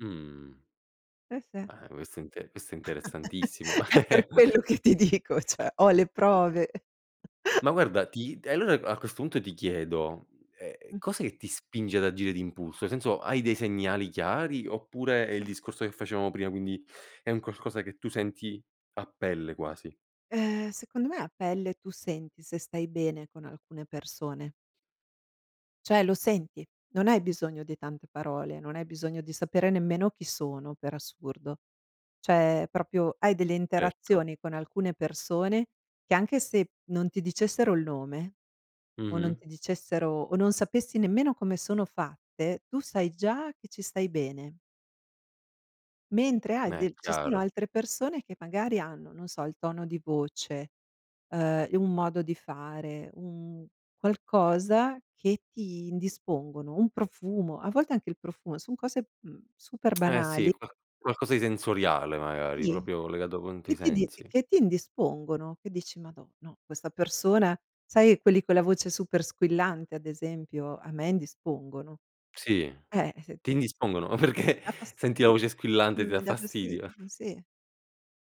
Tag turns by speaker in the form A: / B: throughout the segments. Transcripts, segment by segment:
A: Mh.
B: Se se
A: Eh, quest'è inte questo è interessantissimo.
B: È per quello che ti dico, cioè ho le prove.
A: Ma guarda, ti allora, a questo punto, ti chiedo: ehm,
B: Mh-mh.
A: cos'è che ti spinge ad agire d'impulso? Senso, hai dei segnali chiari oppure è il discorso che facevamo prima, quindi è un qualcosa che tu senti a pelle quasi?
B: Ehm, secondo me, a pelle, tu senti se stai bene con alcune persone. Cioè lo senti, non hai bisogno di tante parole. Non hai bisogno di sapere nemmeno chi sono, per assurdo. Cioè, proprio hai delle
A: Certo.
B: interazioni con alcune persone, che anche se non ti dicessero il nome o non
A: Mh-mh.
B: ti dicessero o non sapessi nemmeno come sono fatte, tu sai già che ci stai bene. Mentre hai
A: Ma è
B: dei ci sono
A: chiaro.
B: altre persone, che magari hanno, non so, il tono di voce, uhm, un modo di fare, un qualcosa, che ti indispongono. Un profumo a volte anche il profumo, son cose, mhmm, super
A: Eh, sì,
B: banali
A: qua qualcosa di sensoriale magari,
B: Gli
A: proprio legato con
B: che
A: tuoi
B: ti di
A: sensi.
B: che ti indispongono, che dici: "Madò, no, questa persona" sai quelli con la voce super squillante, ad esempio, a me indispongono.
A: Sì,
B: Eh, se
A: ti
B: mi
A: indispongono,
B: mi
A: perché
B: da fasti
A: senti la voce squillante, ti dà
B: mi dà fastidio,
A: fastidio?
B: sì,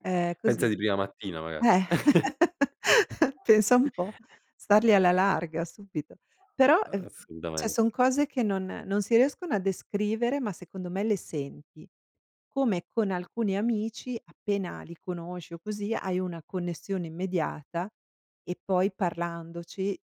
B: è così.
A: Pensa di prima mattina maga
B: Eh, pensa un po', stargli alla larga subito. Però, uhm, cioè
A: Assolutamente.
B: son cose, che non non si riescono a descrivere, ma secondo me le senti. Come con alcuni amici, appena li conosci o così, hai una connessione immediata e poi parlandoci,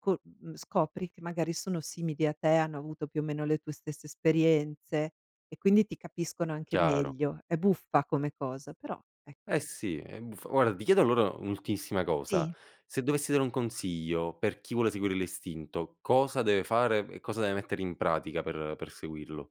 B: co mhmm, scopri che magari sono simili a te, hanno avuto più o meno le tue stesse esperienze e quindi ti capiscono anche
A: Chiaro.
B: meglio. È buffa come cosa, però,
A: Eh,
B: ecco.
A: sì, ehm, f guarda, ti chiedo allora un'ultimissima cosa.
B: Sì.
A: Se dovessi dare un consiglio, per chi vuole seguire l'istinto. Cosa deve fare e cosa deve mettere in pratica per per seguirlo?